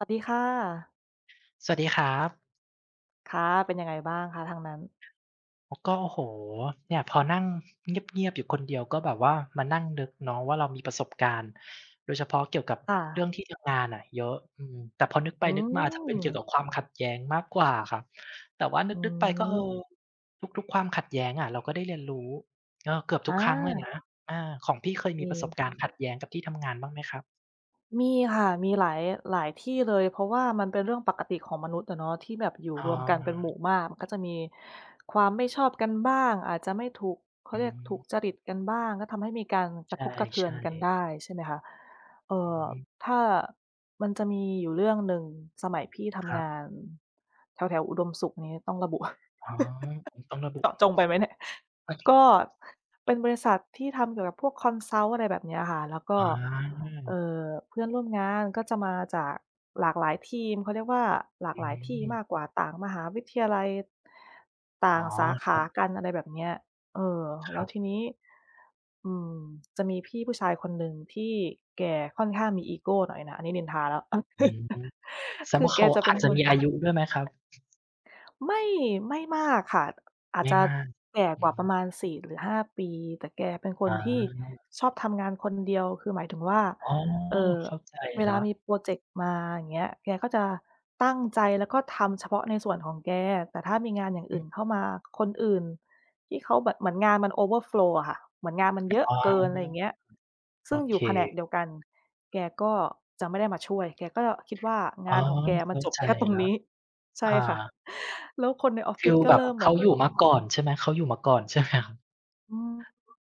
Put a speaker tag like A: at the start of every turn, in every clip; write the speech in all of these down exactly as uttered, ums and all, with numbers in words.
A: สวัสดีค่ะ
B: สวัสดีครับ
A: ค่ะ เป็นยังไงบ้างคะ ทางนั้น?
B: อ ก็ โอ้โฮ! เนี่ยพอนั่งเงียบ ๆ อยู่คนเดียว ก็แบบว่ามานั่งนึกเนาะว่า เรามีประสบการณ์ โดยเฉพาะเกี่ยวกับ
A: ค่
B: เรื่
A: ะ
B: องที่ทำงานน่ะเยอะ อืม แต่พอนึกไ
A: อ
B: ป
A: ื
B: นึกมาจะ เป็นเกี่ยว
A: ม
B: กับความขัดแย้งมากกว่าอะครับ แต่ว่าน
A: อื
B: ึก ๆ ไป ก็ เ
A: ม
B: ออ ทุก ๆ ความขัดแย้งอะเราก็ได้เรียนรู้ ก็เกือบท
A: อ
B: ุกครั้งเลย
A: า
B: นะ อา ของพี่เคย
A: โอ
B: มีประสบ
A: เค
B: การณ์ขัดแย้งกับที่ทำงานบ้างไหมครับ?
A: มีค่ะ มีหลาย หลายที่เลย เพราะว่า มันเป็นเรื่องปกติของมนุษย์อะเนาะ ที่แบบอยู่
B: อ๋
A: รวมกันเป็นหมู
B: อ
A: ่มาก มันก็จะมี ความไม่ชอบกันบ้าง อาจจะไม่ถูก เขา
B: อื
A: เรียกถูกจริต
B: ม
A: กันบ้าง ก็ทำให้มีการก
B: ใ
A: ร
B: ช
A: ะทบ กระเทือน
B: ่
A: กัน
B: ๆ
A: ได้ ใช่ไหมคะ เอ
B: อื
A: ่
B: อ
A: อ
B: ฮึ
A: ถ้า มันจะมีอยู่เรื่องหนึ่งสมัยพี่ท
B: คร
A: ำ
B: ั
A: ง
B: บ
A: านแถว ๆ อุดมสุข นี้ ต้องระบุ
B: อ๋อ มันต้องระบุ
A: เจาะจงไปไหมเนี่ย? ก็เป็นบริษัทที่ทำเกี่ยวกับพวก consult อะไรแบบเนี้ยค่ะ แล้วก็
B: อ๋
A: เอ
B: อ
A: ่อ เพื่อนร่วมงานก็จะมาจากหลากหลายทีม เขาเรียกว่า หลา
B: อ
A: กหลายที่
B: ืม
A: มากกว่า ต่างมหาวิทยาลัย ต
B: อ
A: ่
B: ๋
A: า
B: อ
A: งสาข
B: คร
A: า
B: ับ
A: กัน อะไรแบบเนี้ย เออ
B: ค
A: แล
B: ร
A: ้
B: ั
A: ว
B: บ
A: ทีนี้ อืม จะมีพี่ผู้ชายคนหนึ่งที่แกค่อนข้างมีอีโกหน่อยน่ะ อันนี้นินทาแล้ว
B: อืม แสด
A: ค
B: ง
A: ื
B: ว่
A: อ
B: า
A: แ
B: เ
A: ก
B: ขา
A: จะ
B: อ
A: เป็
B: า
A: น
B: จจะ
A: ค
B: ม
A: น
B: ีอายุด้วยไหมครับ?
A: ไม่ ไม่มากค่ะ อา
B: แย
A: จ
B: ่
A: จะ
B: มาก
A: แก่
B: อื
A: กว่าปร
B: ม
A: ะมาณ สี่ หรือ ห้า ปี แต่แกเป็นคน
B: อา
A: ที่ชอบทำงานคนเดียว คือหมายถึงว่า
B: อ๋อ
A: เอ่อ
B: เข้า ใจ
A: เว
B: แล
A: ล
B: ้
A: า
B: ว
A: มีพรอเจกต์มา อย่างเงี้ย แกก็จะตั้งใจแล้วก็ทำเฉพาะในส่วนของแก แต่ถ้ามีงานอย่าง
B: อ
A: อ
B: ื
A: ื่
B: ม
A: นเข้ามา คนอื่นที่เขาแบบเหมือนงานมัน overflow อะค่ะ เหมือนงาน มันเยอะ
B: อา
A: เกิน ไรเงี้ย ซ
B: โ
A: ึ
B: อ
A: ่งอย
B: เค
A: ู่แผนกเดียวกัน แกก็จะไม่ได้มาช่วย แกก็คิดว่า
B: อ
A: ง
B: ๋อ
A: านของแก
B: เ
A: ม
B: ข
A: ัน
B: ้า
A: จบ
B: ใจ
A: แค่ตรง
B: แล้
A: น
B: ว
A: ี้ ใช
B: อ
A: ่ค่ะ
B: า
A: แล้วคนในออฟ
B: ฟ
A: ฟิ
B: ี
A: ศ
B: ล
A: ก็
B: แบ
A: เ
B: บ
A: ริ่มเ
B: เข
A: หม
B: า
A: ือน
B: อยู่มาก่อนใช่ไหม เขาอยู่มาก่อน ใช่ไหมครับ?
A: อืม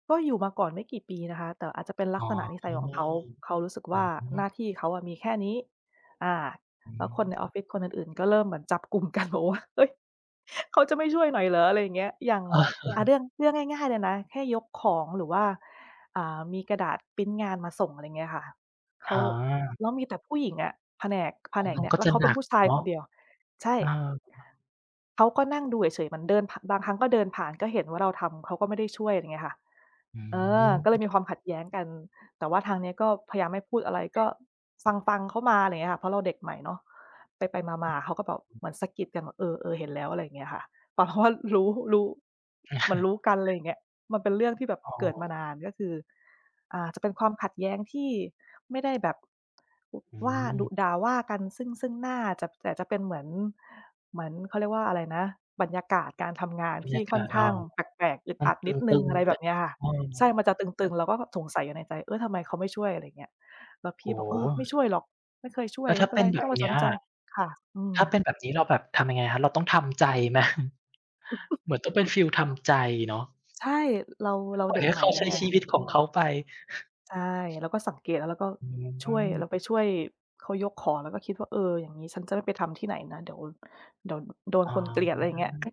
A: ก็อยู่มาก่อนไม่กี่ ปีนะคะ แต่อาจจะเป็นลั
B: อ๋
A: ก
B: อ
A: ษณะนิสัยของเขา เขารู้สึก
B: อ
A: ว
B: ื
A: ่า หน้
B: ม
A: าที่เขาอะมีแค่นี้ อ่า
B: อื
A: แล้วคนในออฟ
B: ม
A: ฟิศคนอื่น ๆ ก็เริ่มเหมือนจับ กลุ่มกันแบบว่า "เฮ้ย! เขาจะไม่ช่วยหน่อยเหรอ?" อะไรเงี้ย อย่าง
B: เอ
A: อา เรื่อง เรื่องง่
B: อ
A: าย ๆ เลยนะ แค่ยกของหรือว่า อ่า มีกระดาษพรินต์งานมาส่ง อะไรเงี้ยค่ะ เข
B: อ
A: า
B: า
A: แล้วมีแต่ผู้หญิงอะแผนก แผ
B: อ่อ
A: นก
B: มั
A: เน
B: น
A: ี่ย
B: ก็
A: แล้
B: จ
A: ว
B: ะ
A: เขาเ
B: หน
A: ป็
B: ั
A: น
B: ก
A: ผู้ชาย
B: เนา
A: ค
B: ะ
A: นเดียว ใช่
B: เออ
A: เขาก็นั่งดูเฉย ๆ เหมือนเดิน ผ บางครั้งก็เดินผ่าน ก็เห็นว่าเราทำ เขาก็ไม่ได้ช่วย เงี้ยค่ะ
B: อ
A: เออ ก็เล
B: ืม
A: ยมีความขัดแย้งกัน แต่ว่าทางนี้ก็พยายามไม่พูดอะไร ก็ขข ฟัง ๆ เขามา ไรเงี้ยค่ะ เพราะเราเด็กใหม่เนาะ ไป ๆ มา ๆ เขาก็แบบเหมือนสะกิดกันแบบ "เออ ๆ เห็นแล้ว" อะไรเงี้ยค่ะ แต่พอ รู้ รู้ เหมือนรู้กัน ไรเงี้ย มันเป็นเรื่องที่แบบ
B: อ๋
A: เกิดมา
B: อ
A: นาน ก็คือ อ่า จะเป็นความขัดแย้งที่ไม่ได้ แบบ ว
B: อื
A: ว่า ด
B: ม
A: ุด่าว่ากัน ซึ่ง ๆ หน้าจะ แต่จะเป็นเหมือน เหมือน เขาเรียกว่าอะไรนะ บรรยากาศการทำงาน
B: บร
A: ท
B: ร
A: ี
B: ย
A: ่
B: าก
A: ค่อ
B: า
A: น
B: ศ
A: ข
B: เออ
A: ้างแปลก ๆ อึด
B: มั
A: อ
B: น
A: ัด
B: ต
A: นิดหนึ
B: ึ
A: ่ง
B: ง
A: อะไร
B: ๆ แ
A: แ
B: ต
A: บ
B: ่
A: บเนี้ยค่ะ
B: เออ
A: ใช่ มันจะต
B: แต
A: ึ
B: ่
A: ง ๆ เราก็แบบสงสัยอยู่ในใจ "เฮ้ย ทำไมเขาไม่ช่วย" ไรเงี้ย แล้วพ
B: โอ
A: ี่
B: ้
A: บ
B: โ
A: อก "เออ ไม่
B: ฮ
A: ช่วยหรอก ไม่เคยช่ว
B: แล
A: ย
B: ้ว
A: ไม
B: ถ้
A: ่
B: า
A: เป็
B: เป
A: น
B: ็
A: ไร
B: น
A: ไม
B: แบ
A: ่ต้อ
B: บ
A: งไป
B: เน
A: ส
B: ี้
A: น
B: ย
A: ใจ" ค่ะ อื
B: ถ้าเ
A: ม
B: ป็นแบบนี้เราแบบทำยังไงครับ เราต้องทำใจ ไหม? เหมือนต้องเป็นฟีลทำใจเนาะ
A: ใช่ ร เรา เรา
B: ปล่
A: เ
B: อ
A: ด็
B: ย
A: ก
B: ให้
A: ใหม
B: เ
A: ่
B: ขา
A: ด้ว
B: ใช
A: ย
B: ้
A: ไง
B: ชีวิตของเขาไป
A: ใช่ เราก็สังเกตเราก็
B: อื
A: ช่วย เร
B: ม
A: าไปช่วยเขายกของแล้วก็คิดว่า "เออ อย่างงี้ฉันจะไม่ไปทำที่ไหนนะ เดี๋ยว เดี๋ยวโดน
B: อ๋
A: คนเกลียด" ไรเงี้ย
B: อ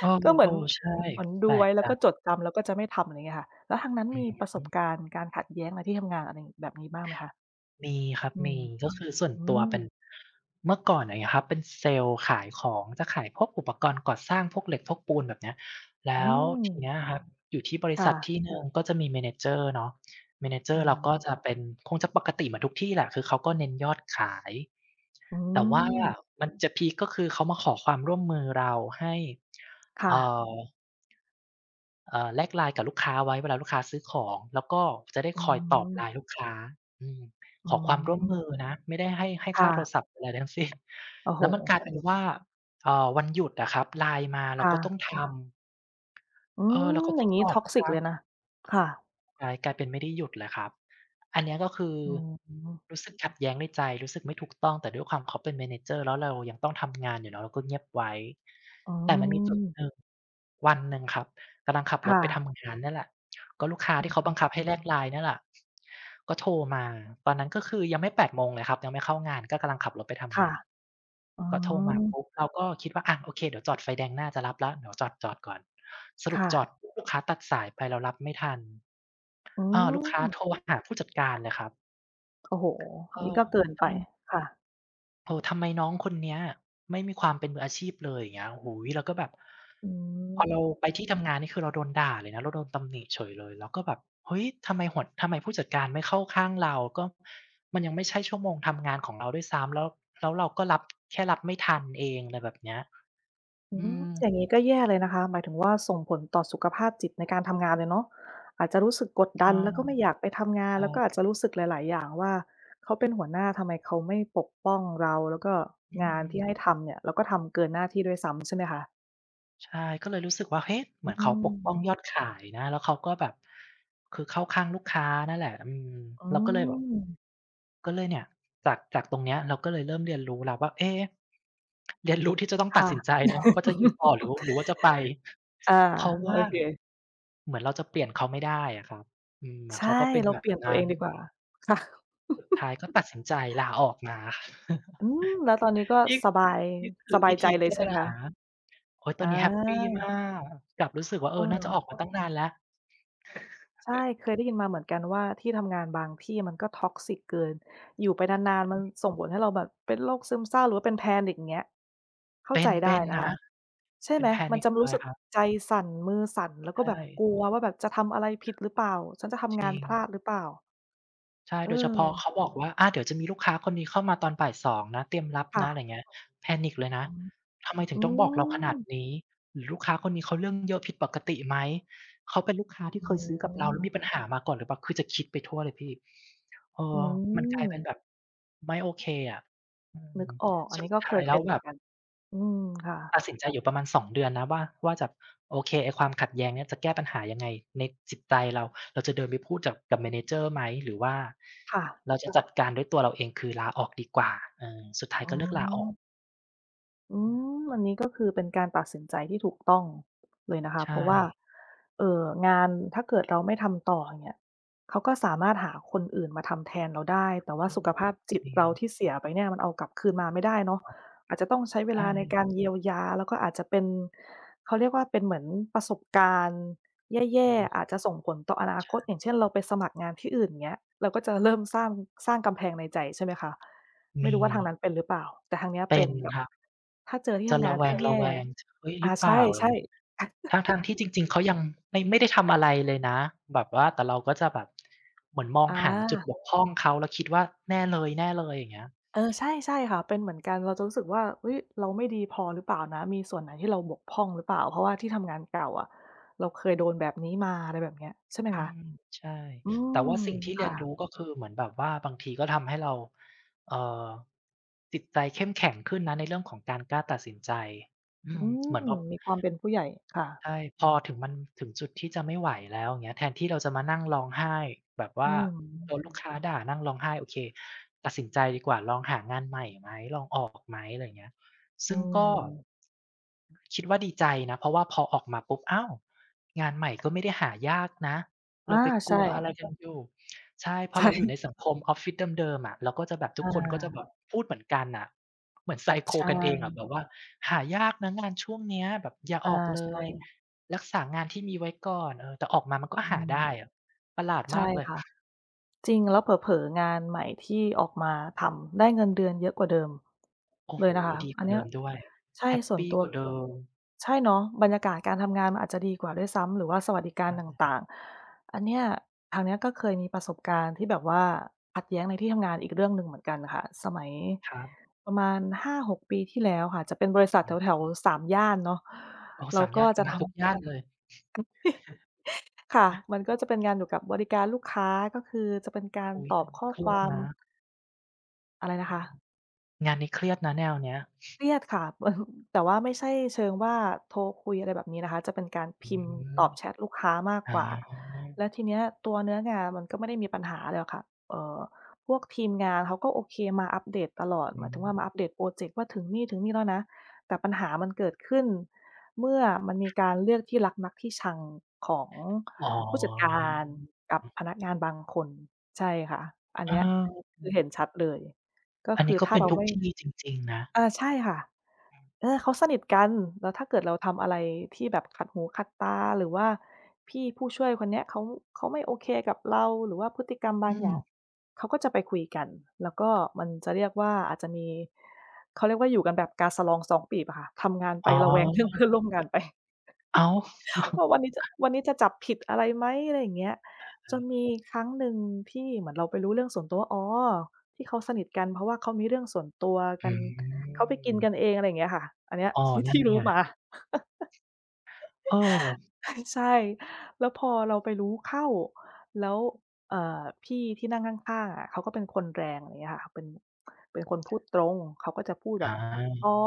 B: เออ
A: ก็เหมือน
B: ๆ ใช่
A: เหมือนด
B: แป
A: ู
B: ล
A: ไว
B: ก
A: ้แล
B: จ
A: ้ว
B: ั
A: ก็
B: ง
A: จดจำแล้วก็จะไม่ทำ อะไรเงี้ยค่ะ แล้วทางนั้น
B: อื
A: มีประสบ
B: ม
A: การณ์การขัดแย้งในที่ทำงาน อะไรแบบนี้บ้างไหมคะ?
B: มีครับ
A: อื
B: ม
A: ม
B: ี ก็คือส่วน
A: อื
B: ตัวเป็
A: ม
B: น เมื่อก่อนอย่างงี้ครับ เป็นเซลส์ขายของ จะขายพวกอุปกรณ์ก่อสร้าง พวกเหล็ก พวกปูนแบบเนี้ย แล
A: อ
B: ้
A: ื
B: วทีเน
A: ม
B: ี้ยครับอยู่ที่บริ
A: ค
B: ษ
A: ่
B: ัท
A: ะ
B: ที่หนึ่ง ก็จะมี manager เนาะ
A: อื
B: manager เราก็
A: ม
B: จะเป็น คงจะปกติเหมือนทุกที่แหละ คือเขาก็เน้นยอดขาย
A: อื
B: แต่ ว่า
A: ม
B: มันจะพีกก็คือเขามาขอความร่วมมือเราให้
A: ค่
B: เอ่
A: ะ
B: อ เออ แลก LINE กับลูกค้าไว้เวลาลูกค้าซื้อของ แล้วก็จะได้
A: อ๋
B: คอยตอบ
A: อ
B: LINE ลูกค้า อืม
A: อื
B: ขอความ ร่วมม
A: ม
B: ือนะ ไม่ได้ให้ ให้
A: ค
B: ค
A: ่
B: ่าโทร
A: ะ
B: ศัพท์อะไรใดทั้ง สิ้น
A: โอ้โ
B: แ
A: ฮ
B: ล้วมัน กลายเป็นว่า เอ่อ วันหยุดอะครับ Line มาเ
A: ค
B: รา
A: ่
B: ก็
A: ะ
B: ต้อง ทำ
A: อื
B: เออ เ
A: ม
B: ราก็
A: อย
B: ต
A: ่
B: ้
A: า
B: อ
A: ง
B: ง
A: งี้
B: ตอบลูกค
A: toxic
B: ้
A: เล
B: า
A: ยนะ ค่ะ
B: กลาย กลายเป็นไม่ได้หยุดเลยครับ อันเนี้ยก็คือ
A: อืม
B: รู้สึกขัดแย้งในใจ รู้สึกไม่ถูกต้อง แต่ด้วยความเขาเป็น manager แล้วเรายังต้องทำ งานอยู่เนาะ เราก็เงียบไว้
A: อื
B: แต่มันมีจุด
A: ม
B: หนึ่ง วันหนึ่งครับกำลังขับ
A: ค
B: ร
A: ่
B: ถไป
A: ะ
B: ทำงานเนี่ยแหละ ก็ลูกค้า
A: อ
B: ที่เขาบ
A: ื
B: ังคับใ
A: ม
B: ห้ แลก LINE นี่แหละ ก็โทรมา ตอนนั้นก็คือยังไม่ แปด โมงเลยครับ ยังไม่เข้างานก็กำลังขับรถไปท
A: ค
B: ำง
A: ่ะ
B: าน
A: อื
B: ก็โทรมา ป
A: ม
B: ุ๊บ เราก็คิดว่า อะ โอเค เดี๋ยวจอดไฟแดงหน้าจะรับแล้ว เดี๋ยวจอด ๆ ก่อน ส
A: ค
B: รุป
A: ่
B: จอ
A: ะ
B: ดปุ๊บ ลูกค้าตัดสายไปเรารับไม่ทัน
A: อื
B: อ่า ลูกค้า
A: ม
B: โทรหา ผู้จัดการเลยครับ
A: โอ้โฮ
B: เ
A: อ
B: อ
A: ั
B: อ
A: นนี้ก็ เกิน
B: อ
A: ไป
B: ืม
A: ค่ะ
B: "เออ ทำไมน้องคนเนี้ยไม่มีความเป็นมืออาชีพเลย?" อย่างเงี้ย โอ้โฮ! เราก็แบบ
A: อื
B: พอเรา
A: ม
B: ไปที่ทำงานนี่คือเราโดนด่าเลยนะ เราโดนตำหนิเฉยเลย เราก็แบบ "เฮ้ย! ทำไมหัว ทำไมผู้จัดการไม่เข้าข้างเรา? ก็ มันยังไม่ใช่ชั่วโมงทำงานของเราด้วยซ้ำ แล้ว แล้วเราก็รับ แค่รับไม่ทันเอง" ไรแบบเนี้ย
A: อ๋อ
B: อืม
A: อย่างงี้ก็แย่เลยนะคะ หมายถึง ว่า ส่งผลต่อสุขภาพจิตในการทำงานเลยเนาะ อาจจะรู้สึกกด
B: เ
A: ด
B: อ
A: ั
B: อ
A: นแล้วก็ไม่อยากไปทำงา
B: ใ
A: น
B: ช
A: แล้วก็อ
B: ่
A: าจจะรู้สึกหลาย ๆ อย่างว่า เขาเป็นหัวหน้า ทำไมเขาไม่ปกป้องเรา? แล้วก็
B: อื
A: งาน ที่ใ
B: ม
A: ห้ทำเนี่ยเราก็ทำเกินหน้าที่ด้วยซ้ำ ใช่ไหมคะ?
B: ใช่ ก็เลยรู้สึกว่า เฮ้ย! เ
A: อ
B: ห
A: ื
B: มือนเขาปกป้อง
A: ม
B: ยอดขาย นะ แล้วเขาก็แบบ คือเข้าข้างลูกค้านั่นแหละ อืม
A: อ๋
B: เราก็เลยแบบ
A: อ
B: ก็เลยเนี่ย จาก จาก ตรงเนี้ย เราก็เลยเริ่มเรียนรู้แล้วว่า เอ๊! เรียนรู้ที่จะต้อง
A: ค
B: ตัด
A: ่ะ
B: สินใจเนาะ ว่าจะอยู่ ต่อหรือ ว หรือว่าจะไป
A: อา
B: เพราะว
A: โอ
B: ่า
A: เค
B: เหมือนเราจะเปลี่ยนเขาไม่ได้อะครับ อืม เหมือ
A: ใ
B: น
A: ช
B: เ
A: ่
B: ขาก็เป็น
A: เรา
B: แบ
A: เป
B: บ
A: ลี่ยนต
B: น
A: ั
B: ั
A: ว
B: ้
A: เอ
B: น
A: งดีกว่า ค่ะ
B: สุดท้ายก็ตัดสินใจ ลาออกมา
A: อืม แล้ว ตอนนี้ก็
B: นี่
A: สบาย
B: นี่ค
A: ส
B: ือ
A: บา
B: ว
A: ย
B: ิ
A: ใจ
B: ธี
A: เล
B: แก
A: ย
B: ้
A: ใช่
B: ป
A: ไห
B: ั
A: ม
B: ญ
A: ค
B: ห
A: ะ?
B: า โอ้โฮ! ต
A: อ
B: อนนี้แฮปปีม
A: า
B: าก กลับรู้สึกว่า เออ น่าจะ
A: เออ
B: ออกมา ตั้งนานแล้ว
A: ใช่ เคยได้ยินมาเหมือนกันว่า ที่ทำงานบางที่มันก็ toxic เกิน อยู่ไปนาน ๆ มันส่งผลให้เราแบบเป็นโรคซึมเศร้าหรือว่าเป็น panic อย่างเงี้ย เข้
B: เ
A: า
B: ป็
A: ใจ
B: น เ
A: ไ
B: ป
A: ด้
B: ็น
A: น
B: น
A: ะค
B: ะ
A: ะ ใช่
B: เป็
A: ไห
B: น
A: ม? มัน
B: panic
A: จะ ม
B: เ
A: ร
B: ล
A: ู้
B: ย
A: สึก
B: ครับ
A: ใจสั่น มือสั่น แล้ว
B: ใ
A: ก
B: ช
A: ็แบบ
B: ่
A: กลัวว่าแบบจะทำอะไรผิดหรือเปล่า? ฉันจะท
B: จ
A: ำง
B: ร
A: า
B: ิ
A: น พล
B: ง
A: าดหรือเปล่า?
B: ใช่ โดยเฉพาะเข
A: เออ
B: า บอกว่า "อา เดี๋ยวจะมีลูกค้าคนนี้เข้ามาตอน บ่ายสอง นะ เตรียมรับ
A: ค่
B: นะ" อะไ
A: ะ
B: รอย่างเงี้ย Panic เลยนะ
A: อือ
B: ทำไมถึ
A: อื
B: งต้องบอกเราขนาด
A: ม
B: นี้ หรือลูกค้าคนนี้เขาเรื่องเยอะผิดปกติไหม เขาเป็นลูกค้าที
A: โ
B: ่
A: อ
B: เค
A: ้
B: ยซื้อ
A: โ
B: กับเราแล
A: ฮ
B: ้วมีปัญหามาก่อนหรือเปล่า คือจะคิดไปทั่วเลยพี่ เออ
A: อื
B: มันกลายเป็น
A: ม
B: แบบไม่โอเคอะ อื
A: น
B: ม
A: ึกออก อั
B: ส
A: นน
B: ุ
A: ี้
B: ด
A: ก็
B: ท
A: เ
B: ้
A: ค
B: าย
A: ย
B: แ
A: เ
B: ล
A: ป
B: ้
A: ็
B: ว
A: นเหม
B: แบ
A: ือน
B: บ
A: กัน อืม ค่ะ
B: ตัดสินใจอยู่ประมาณ สอง เดือนนะว่า ว่าจะ โอเค ไอ้ความขัดแย้งเนี่ยจะแก้ปัญหา ยังไงในจิตใจเรา เราจะเดินไปพูดจับ กับ Manager ไหม หรือว่า
A: ค่ะ
B: เรา จะจัดการด้วยตัวเราเอง คือลาออกดีกว่า เออ สุดท้า
A: อ
B: ย
A: ๋อ
B: ก็เลือกกลาออก
A: อืม อันนี้ ก็คือเป็นการตัดสินใจที่ถูกต้องเลยนะคะ
B: ใช
A: เพราะว่า
B: ่
A: เอ่อ งานถ้าเกิดเราไม่ทำต่อเนี่ย เขาก็สามารถหาคนอื่นมาทำแทนเราได้ แต่ว่า
B: อื
A: สุขภ
B: ม
A: าพจ
B: จ
A: ิต
B: ริ
A: เรา
B: ง
A: ที่เสียไปเนี่ย มันเอากลับคืนมาไม่ได้เนาะ อาจจะต้องใช้เ
B: ใ
A: ว
B: ช
A: ล
B: ่
A: าในการ เยียวยา แล้วก็อาจจะเป็น เขาเรียกว่า เป็นเหมือนประสบการณ์แย
B: อ
A: ่
B: ืม
A: ๆ อาจจะส่งผลต่ออนา
B: ใช
A: คต อย่
B: ่
A: างเช่น เราไปสมัครงานที่อื่นอย่างเงี้ย เราก็จะเริ่มสร้าง สร้างกำแพงในใจ ใช่ไหมคะ ไม
B: ม
A: ่รู
B: ี
A: ้ว่าทางนั้นเป็นหรือเปล่า? แต่ทางนี้
B: เป
A: เป
B: ็
A: ็น
B: น
A: แบบ
B: ครับ
A: ถ้าเจอที่
B: จ
A: ท
B: ะ
A: ำ
B: ร
A: งา
B: ะ
A: น
B: แว
A: ที
B: ง
A: ่แย่
B: ๆ "เฮ้ย
A: อ
B: หรื
A: ่า
B: อเ
A: ใ
B: ป
A: ช
B: ล่
A: ่
B: า?" อะไ
A: ๆ
B: รอย่างเงี้ย ทั้ง ๆ ที่จริง ๆ เขายังไม่ ไม่ได้ทำ อะไรเลยนะ แบบว่าแต่เราก็จะแบบ เหมือนมอง
A: อ
B: หาง จุด
A: า
B: บกพร่องเขา แล้วคิดว่า "แน่เลย ๆ" อย่างเงี้ย
A: เออ ใช่ ๆ ค่ะ เป็นเหมือนกัน เราจะรู้สึกว่า เฮ้ย เราไม่ดีพอหรือเปล่านะ มีส่วนไหนที่เราบกพร่องหรือเปล่า เพราะว่าที่ทำงานเก่าอะ เราเคยโดนแบบนี้มา อะไรแบบเนี้ย ใช่ไหม
B: อื
A: คะ?
B: ม ใช่
A: อื
B: แต่
A: ม
B: ว่าสิ่งที่
A: ค
B: เรี
A: ่
B: ยนร
A: ะ
B: ู้ ก็คือเหมือนแบบว่าบางทีก็ทำให้เรา เอ่อ จิตใจเข้ม แข็งขึ้นนะ ในเรื่องของการกล้าตัดสินใจ อื
A: อื
B: ม เห
A: ม
B: มือนพอ
A: มีความเป็นผู้ใหญ่ ค่ะ
B: ใช่ พอถึง มันถึงจุดที่จะไม่ไหวแล้วเงี้ย แทนที่เราจะมานั่งร้องไห้แบบว
A: อ
B: ่
A: ื
B: าโด
A: ม
B: น ลูกค้าด่านั่งร้องไห้ โอเค ตัดสินใจดีกว่าลองหางานใหม่ไหม ลองออกไหม อะไรอย่างเงี้ย
A: อ
B: ซ
A: ื
B: ึ่งก็
A: ม
B: คิดว่าดีใจนะ เพราะว่าพอออกมาปุ๊บ "อ้าว งานใหม่ก็ไม่ได้หายากนะ
A: อ
B: เร
A: า
B: าไป
A: ใ
B: ก
A: ช
B: ลัวอะไ
A: ่
B: ร กันอยู่" ใช่ พ
A: ใช
B: อเราอยู่ใน
A: ่
B: สังคมออฟฟิศเดิม ๆ อะ เราก็จะแบบ ท
A: อ
B: ุกคนก็จะ
A: า
B: แบบพูดเหมือนกันน่ะ เหมือน
A: ใช
B: Psycho กันเองอะ
A: ่
B: แบบว่า "หายากนะงานช่วงเนี้ย แบบอย่า
A: อา
B: ออกเล
A: ใช
B: ย
A: ่
B: รักษางานที่มีไว้ก่อน" เออ แต่ออกมามันก็
A: อื
B: หาได
A: ม
B: ้อะ ประหลาด
A: ใช
B: มา
A: ่
B: กเลย
A: ค่ะ จริง แล้วเผลอ ๆ งานใหม่ที่ออกมาทำได้เงินเดือนเยอะกว่าเดิม
B: โอ้
A: เล
B: โฮ
A: ยนะคะ
B: ดี
A: อ
B: ก
A: ั
B: ว
A: น
B: ่า
A: เน
B: เ
A: ี
B: ด
A: ้
B: ิ
A: ย
B: มด้วย
A: ใช่
B: แฮป
A: ส่
B: ป
A: วน
B: ี
A: ตัว
B: กว่าเดิม
A: ใช่เนาะ บรรยากาศ การทำงานมันอาจจะดีกว่าด้วยซ้ำ หรือว่าสวัสดิก
B: ใ
A: า
B: ช
A: รต
B: ่
A: ่าง ๆ อันเนี้ยทางนี้ก็เคยมีประสบการณ์ ที่แบบว่าขัดแย้งในที่ทำงานอีกเรื่องหนึ่งเหมือนกันค่ะ สมัย
B: ครับ
A: ประมาณ ห้าหก ปีที่แล้วค่ะ จะเป็นบริษัท
B: อือฮ
A: แถว
B: ึ
A: ๆ สามย่านเนาะ
B: อ๋อ
A: เร
B: ส
A: า
B: ามย
A: ก
B: ่
A: ็
B: าน
A: จะ
B: มา
A: ท
B: ทุก
A: ำ
B: ย่านเลย
A: ค่ะ มันก็จะเป็นงานอยู่กับบริการลูกค้า ก็คือจะเป็นการ
B: อุ๊ย
A: ตอ
B: อั
A: บ
B: นนี
A: ข
B: ้
A: ้อ
B: เครี
A: คว
B: ยด
A: าม
B: นะ
A: อะไรนะคะ?
B: อือ งานนี้เครียดนะแนวเนี้ย
A: เครียดค่ะ มัน แต่ว่าไม่ใช่เชิงว่าโทรคุย อะไรแบบนี้นะคะ จะเป็นการพ
B: อื
A: ิมพ์ต
B: ม
A: อบแชทลูกค้ามาก
B: อ๋อ
A: กว่า แล้วทีเนี้ยตัวเนื้องานมันก็ไม่ได้มีปัญหาอะไรหรอกค่ะ เอ่อ พวกทีมงานเขาก็โอเคมาอัปเดตตลอด
B: อื
A: หมายถึงว่า
B: ม
A: มาอัปเดตพรอเจกต์ว่าถึงนี่ ๆ แล้วนะ แต่ปัญหามันเกิดขึ้น เมื่อมันมีการเลือกที่รักมักที่ชังของ
B: อ๋อ
A: ผู้จัดการกับ พนักงานบางคน ใช่ค่ะ อัน
B: เ
A: เนี้ย
B: อ
A: คือเห็น
B: อ
A: ชัดเลย ก็
B: อัน
A: ค
B: นี
A: ื
B: ้
A: อ
B: ก็
A: ถ้
B: เ
A: า
B: ป็
A: เ
B: น
A: รา
B: ทุ
A: ไ
B: ก
A: ม่
B: ที่จริง ๆ นะ
A: อา ใช่ค่ะ เออ เขาสนิทกัน แล้วถ้าเกิดเราทำอะไรที่ แบบขัดหูขัดตา หรือว่าพี่ผู้ช่วยคนเนี้ยเขา เขาไม่โอเคกับเรา หรือว่าพฤติกรรมบ
B: อ
A: างอย่า
B: ืม
A: ง เขาก็จะไปคุยกัน แล้วก็มันจะเรียกว่าอาจจะมี เขาเรียกว่า อยู่กันแบบกาสะลองซ้องปีบอะค่ะ ทำงานไ
B: อ
A: ป
B: ๋อ
A: ระแวง เรื่องเพื่อนร่วมงาน ไป
B: อ้าว
A: ว่าวันนี้จะ วันนี้จะจับผิด อะไรไหม? อะไรอย่างเงี้ย
B: เอ
A: จ
B: อ
A: นมี ครั้งหนึ่งที่เหมือนเราไปรู้เรื่องส่วนตัวว่า อ๋อ ที่เขาสนิทกัน เพราะว่าเขามีเรื่องส่วนตัวก
B: อ
A: ัน เขาไปกินก
B: ืม
A: ันเอง อะไรอย่างเงี้ยค่ะ อันเนี้ย
B: อ้อ
A: ที่
B: นั
A: ท
B: ่
A: ี
B: น
A: ่รู
B: ไง
A: ้มา
B: เออ
A: ใช่ แล้วพอเราไปรู้เข้า แล้ว เอ่อ พี่ที่นั่งข้าง ๆ อะ เขาก็เป็นคนแรง อย่างเงี้ยค่ะ เป็น เป็นคนพูดตรง เขาก็จะพูดแ
B: อ
A: บบ "อ
B: า
A: ๋อ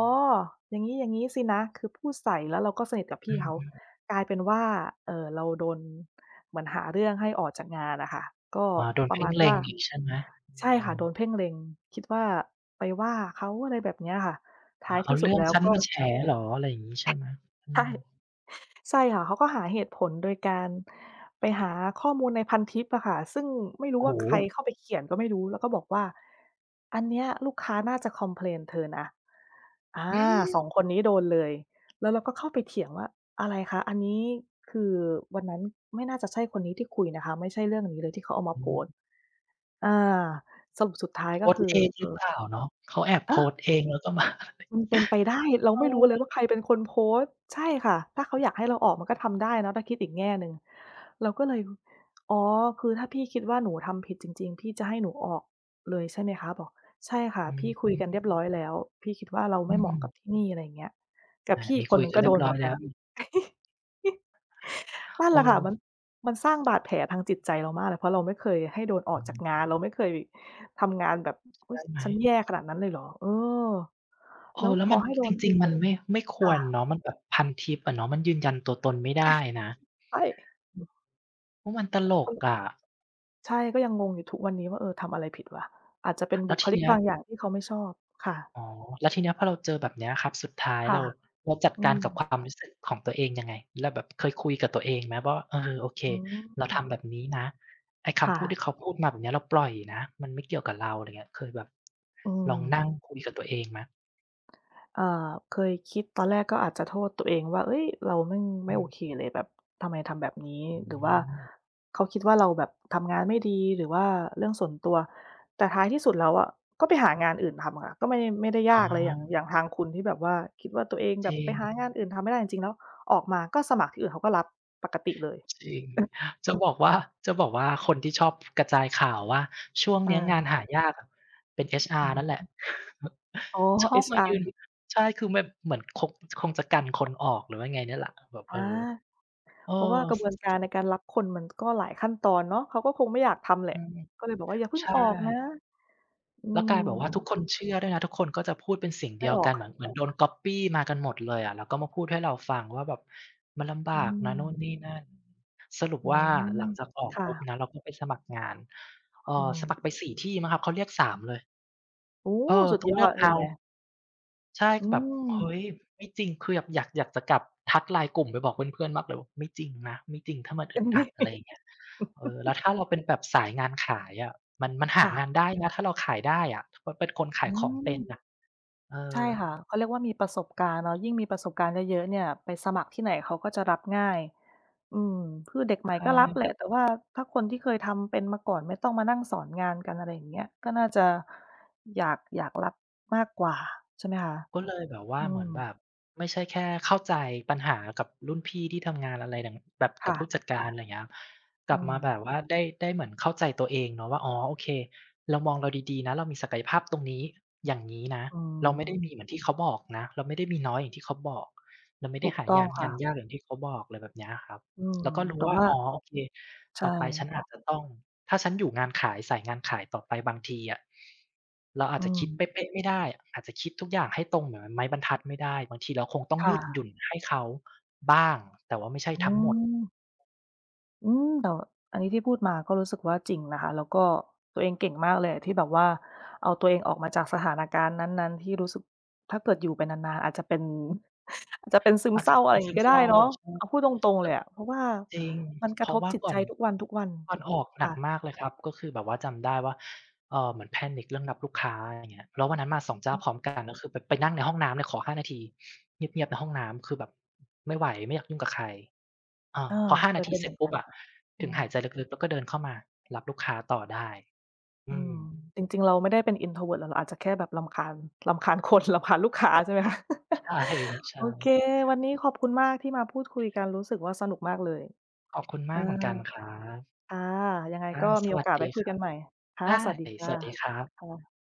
A: อย่างงี้ ๆ สินะ" คือพูดใส่ แล้วเราก็สนิทกับพ
B: อ
A: ี
B: ื
A: ่เขา
B: ม ๆ
A: กลายเป็นว่า เอ่อ เราโดนเหมือนหาเรื่องให้ออกจากงานอะค่ะ ก็
B: อ๋อ โดน
A: ป
B: เ
A: ร
B: พ
A: ะม
B: ่
A: า
B: ง
A: ณ
B: เล
A: ว
B: ็
A: ่า
B: งอีกใช่ไหม? อื
A: ใช่ค่ะ
B: ม
A: โดนเพ่งเล็ง คิดว่าไปว่าเขา อะไรแบบเนี้ยค่ะ ท
B: อ
A: ้
B: ๋อ
A: าย
B: เอ
A: ท
B: า
A: ี่ส
B: เ
A: ุ
B: ร
A: ด
B: ื่อ
A: แ
B: ง
A: ล้ว
B: ฉัน
A: ก็
B: มาแฉเหรอ อะไรอย่างนี้ใช่ไหม? อื
A: ใช่
B: ม
A: ใช่ค่ะ เขาก็หาเหตุผลโดยการไปหาข้อมูลในพันทิปอะค่ะ ซึ่งไม่รู
B: โ
A: ้
B: อ้โ
A: ว่าใคร
B: ฮ!
A: เข้าไปเขียนก็ไม่รู้ แล้วก็บอกว่า "อันเนี้ยลูกค้า น่าจะคอมเพลนเธอนะ" อา
B: หือ!
A: สอง คนนี้โดนเลย แล้วเราก็เข้าไปเถียงว่า "อะไรคะ? อันนี้คือวันนั้นไม่น่าจะใช่คนนี้ที่คุยนะคะ ไม่ใช่เรื่องนี้เลยที่เขาเอามา
B: อ
A: โพสต
B: ืม
A: ์" อา สรุปสุดท้าย
B: โพ
A: ก็
B: ส
A: ค
B: ต
A: ื
B: ์
A: อ
B: เอง
A: เ
B: ห
A: อ
B: รื
A: ่
B: อเ
A: อ
B: ปล่าเนาะ? เขาแอบ
A: เ
B: โพส
A: ออ
B: ต์เองแล้วก็มา
A: มันเป็นไปได้ เรา
B: เอ
A: ไม่รู้เล
B: อ
A: ยว่า ใครเป็นคนโพสต์ ใช่ค่ะ ถ้าเขาอยากให้เราออกมันก็ทำได้เนาะ ถ้าคิดอีกแง่หนึ่ง เราก็เลย อ๋อ "คือถ้าพี่คิดว่า หนูทำผิดจริง ๆ พี่จะให้หนูออกเลยใช่ไหมคะ?" บอก "ใช่ค่ะ
B: อ
A: พี่ คุยกัน
B: ื
A: เร
B: อ
A: ียบร้อยแล้ว พี่คิดว่าเรา
B: อ
A: ไม
B: ื
A: ่เหมาะกับ
B: ม
A: ที่นี่" อะไรอย่างเงี้ย กับ
B: อ่า
A: พี่
B: ม
A: อี
B: ี
A: กค
B: ค
A: น
B: ุย
A: หนึ่ง
B: กั
A: ก
B: น
A: ็
B: เรี
A: โด
B: ยบ
A: นเ
B: ร
A: ห
B: ้
A: ม
B: อ
A: ื
B: ย
A: อน
B: แ
A: ก
B: ล
A: ัน
B: ้ว
A: นั่นแหละค่ะ มั
B: เออ
A: น มันสร้างบาดแผลทางจิตใจเรามากเลย เพราะเราไม่เคยให้โดนออ
B: อ
A: ก
B: ื
A: จาก
B: ม
A: งาน เราไม่เคยทำงานแบบ "อ
B: ใ
A: ุ
B: ช
A: ๊ย
B: ่ไหม?
A: ฉัน แย่ขนาดนั้นเลยเหรอ?" เออ
B: เอ
A: แล้ว
B: อ แล้
A: พ
B: วม
A: อ
B: ัน
A: ให้ โด
B: จ
A: น
B: ริง ๆ มันไม่ ไม่ค
A: ค
B: ว
A: ่ะ
B: รเนาะ มันแบบพันทิปอะเนาะ มันยืนยันตัวตน ไม่ได้นะ อ
A: ใช่
B: โอ้ มันตลกอะ
A: ใช่ ก็ยังงงอยู่ทุกวันนี้ว่า "เออ ทำอะไรผิดวะ?" อาจจะเป็น
B: แ
A: บ
B: ล้
A: ุ
B: ว
A: ค
B: ที
A: ลิ
B: เ
A: ก
B: นี้ย
A: บางอย่างที่เขาไม่ชอบ ค่ะ
B: อ๋อ แล้วทีเนี้ยพอเราเจอแบบเนี้ยครับ สุดท้าย
A: ค่
B: เร
A: ะ
B: า เราจัด
A: อื
B: การกับค
A: ม
B: วามรู้สึกของตัวเองยังไง แล้วแบบเคยคุยกับตัวเอง ไหมว่า "เออ โอเค
A: อื
B: เราท
A: ม
B: ำแบบนี้นะ ไอ้ค
A: ค่
B: ำพูด
A: ะ
B: ที่เขาพูดมาแบบเนี้ยเราปล่อยนะ มันไม่เกี่ยวกับเรา" อะไรอย่างเงี้ย เคยแบบ
A: อื
B: ลองนั่ง
A: ม
B: คุยกับตัวเอง ไหม?
A: เอ่อ เคยคิด ตอนแรกก็อาจจะโทษตัวเองว่า "เอ๊ย เรา แม่ง ไ
B: อ
A: ม
B: ื
A: ่โอ
B: ม
A: เคเลย แบบทำไม ทำแบบนี้?
B: อื
A: หรือว่า
B: ม
A: เขาคิดว่าเราแบบทำงานไม่ดี หรือว่าเรื่องส่วนตัว" แต่ท้ายที่สุดแล้วอะ ก็ไปหางานอื่นทำค่ะ ก็ไม่ ไม่ได้
B: อ
A: ย
B: ๋
A: ากเลย อย่าง อย่
B: อ
A: างทางคุณที่แบบว่าคิดว่า ตัวเองแบ
B: จร
A: บ
B: ิ
A: ไปหา
B: ง
A: งานอื่นทำไม่ได้ จริง ๆ แล้วออกมาก็สมัครที่อื่นเขาก็รับปกติเลย
B: จริง จะบอกว่า จะบอกว่าคนที่ชอบ กระจายข่าวว่า ช่วง
A: อ
B: เนี้ยงาน
A: า
B: หายากอะ เป็น
A: อื
B: HR นั่นแหละ
A: ม อ๋อ
B: ชอบมายื
A: HR
B: น ใช่ คือแบบ เหมือนคง คงจะกันคนออก หรือว่าไงเนี่ยแหละ แบบ
A: อา
B: เออ เออ
A: เพราะว่ากระบวนการในการรับคนมัน ก็หลายขั้นตอนเนาะ เขาก็คงไม่อยากทำแหล
B: อ
A: ะ
B: ืม
A: ก็เลยบอกว่า อย่าเพิ่
B: ใ
A: ง
B: ช่
A: ออกนะ อื
B: แล้ว
A: ม
B: กลายแบบ ว่าทุกคนเชื่อด้วยนะ ทุกคนก็จะพูดเป็นเสียงเ
A: ไ
B: ด
A: ม
B: ี
A: ่
B: ยว
A: ออ
B: ก
A: ก
B: ัน เหมือน เหมือนโดนก๊อบปี้มากันหมดเลยอะ แล้วก็มาพูดให้เราฟังว่าแบบ มันลำบ
A: อื
B: ากนะนู่นน
A: ม
B: ี่นั่น สรุป
A: อื
B: ว่า
A: ม
B: หลังจากออ
A: ค
B: ก
A: ่
B: ปุ๊บ
A: ะ
B: นะ เราก็ไปสมัครงาน เอ
A: อื
B: อ ส
A: ม
B: มัครไป สี่ ที่มั้งครับ เขาเรียก สาม เลย
A: โอ้!
B: เออ
A: สุด
B: ต้อง
A: ยอ
B: เลือก
A: ด
B: เ
A: เห
B: อ
A: ็
B: า
A: นไหม?
B: ใช่
A: อื
B: ก็แบบ เฮ
A: ม
B: ้ย ไม่จริง คือแบบอยาก อยาก อยากจะกลับ ทัก LINE กลุ่มไปบอกเพื่อน ๆ มากเลยว่า "ไม่จริงนะ ไม่จริง ถ้ามัน
A: เ
B: อ
A: ต
B: ึ
A: ็
B: ด
A: ม
B: อ
A: ท
B: ั
A: ี่
B: ด" อะไรเงี้ย เออ แล้วถ้าเราเป็นแบบสายงานขายอะ มัน มันห
A: ค
B: า
A: ่ะ
B: งานได้นะ ถ้าเราขายได้อะ ถ้าแบบป็นคนข
A: อ
B: า
A: ื
B: ยของเป็น
A: ม
B: น่ะ เอ
A: ใช่
B: อ
A: ค่ะ เขาเรียกว่ามีประสบการณ์แล้ว ยิ่งมีประสบการณ์เยอะ ๆ เนี่ย ไปสมัครที่ไหนเขาก็จะรับง่าย อืม คือเด็กใ
B: ใ
A: ห
B: ช
A: ม่ก็รับแห
B: ่
A: ละ แต่ว่าถ้าคนที่เคยทำเป็นมาก่อน ไม่ต้องมานั่งสอนงานกัน อะไรอย่างเงี้ย ก็น่าจะอยาก อยากรับมากกว่าใช่ไหม คะ?
B: ก็เลยแบบว่
A: อ
B: า
A: ื
B: เหมือนแบ
A: ม
B: บ ไม่ใช่แค่เข้าใจปัญหากับรุ่นพี่ที่ทำงานอะไรดัง แบบ
A: ค
B: กั
A: ่
B: บ
A: ะ
B: ผู้จัดการ อะไรเงี้ย ก
A: อ
B: ล
A: ื
B: ับมาแ
A: ม
B: บบว่าได้ ได้เหมือนเข้าใจตัวเองเนาะว่า อ๋อ โอเค เรามองเราดี ๆ นะ เรามีศักยภาพ ตรงนี้ อย่างงี้นะ
A: อื
B: เราไม่ได้
A: ม
B: มีเหมือนที่เขาบอกนะ เราไม่ได้มีน้อยอย่างที่เขาบอก เราไม่
A: ถ
B: ได้
A: ูก
B: หา
A: ต้
B: ย
A: อ
B: า
A: ง
B: น
A: ค
B: ง
A: ่
B: าน
A: ะ
B: ยากอย่างที่เขาบอก อะไรแบบเนี้ยอะครับ
A: อืม
B: แล้วก็รู
A: แ
B: ้
A: ต่
B: ว่า
A: ว่า
B: อ๋อ โอเค
A: ใช
B: ต
A: ่
B: ่อไปฉันอาจจะต้อง ถ้าฉันอยู่งานขาย สายงานขายต่อไปบางทีอะ เราอ
A: อ
B: า
A: ื
B: จจะคิ
A: ม
B: ดเป๊ะ ๆ ไม่ได้ อาจจะคิดทุกอย่างให้ตรงเหมือนไม้บรรทัดไม่ได้ บางทีเราคงต้อง
A: ค
B: ย
A: ่
B: ืดหย
A: ะ
B: ุ่นให้เขาบ้าง แต่ว่าไม่ใช่
A: อื
B: ทั้งหมด
A: ม อืม แต่ อันนี้ที่พูดมาก็รู้สึกว่าจริงนะคะ แล้วก็ตัวเองเก่งมากเลยอะ ที่แบบว่าเอาตัวเองออก มาจากสถานการณ์นั้น ๆ ที่รู้สึก ถ้าเกิดอยู่ไปนาน ๆ อาจจะเป็น อาจจะเป็นซึม
B: อาจ
A: เศ
B: จ
A: ร้
B: ะ
A: า อ
B: เ
A: ะ
B: ป
A: ไ
B: ็
A: ร
B: นซ
A: ง
B: ึ
A: ี้
B: ม
A: ก็ไ
B: เศ
A: ด้
B: ร้า
A: เนาะ
B: ใช่
A: อ้าว พูดตรง ๆ
B: แ
A: เ
B: ต
A: ล
B: ่
A: ยอะ เพราะว่า
B: จริง
A: มันกร
B: เพ
A: ะ
B: ร
A: ท
B: าะ
A: บ
B: ว่า
A: จิต
B: ก
A: ใ
B: ่
A: จ
B: อน
A: ทุกวัน
B: ก่อนออก
A: ๆ ค
B: หน
A: ่
B: ัก
A: ะ
B: มากเลยครับ ก็คือแบบว่าจำได้ว่า เออ เหมือน panic เรื่องรับลูกค้า อะไรอย่างเงี้ย แล้ววันนั้นมา สอง เจ้
A: อ
B: า
A: ืม
B: พร้อม กัน ก็คือแบบไปนั่งในห้องน้ำเลย ขอ ห้า นาทีเงียบ ๆ ในห้องน้ำ คือแบบไม่ไหว ไม่อยากยุ่งกะใคร อ่
A: เ
B: า
A: ออ
B: พอ ห้า
A: เค
B: นา
A: ย
B: ท
A: เ
B: ี
A: ป็น
B: เ
A: เ
B: สร
A: ห
B: ็
A: ม
B: จ
A: ือน
B: ปุ
A: ก
B: ๊
A: ั
B: บ
A: น
B: อะ
A: อื
B: ถึงห
A: ม
B: ายใจลึก ๆ แล้วก็เดินเข้ามารับลูกค้าต่อได้ อ
A: อื
B: ื
A: ม
B: อ
A: จริง ๆ เราไม่ได้เป็น Introvert หรอก เราอาจจะแค่แบบรำคาญ รำคาญ คน รำคาญลูกค้าใช่ไหมคะ?
B: ใช่ครับ ใช
A: โอเค
B: ่
A: วันนี้ขอบคุณมากที่มาพูดคุยกัน รู้สึกว่าสนุกมากเลย
B: ขอบคุณ
A: เ
B: ม
A: อ
B: า
A: อ
B: กเหมือนกันครับ
A: ค่ะ ยังไง
B: อา
A: ก็ม
B: ส
A: ี โอ
B: วัส
A: กาส
B: ด
A: ไว้
B: ี
A: คุ
B: ค
A: ย
B: ร
A: กั
B: ับ
A: นใหม่ ค่
B: ไ
A: ะ
B: ด้
A: สวัสดีค่
B: ส
A: ะ
B: วัสดีครับ
A: ค่ะ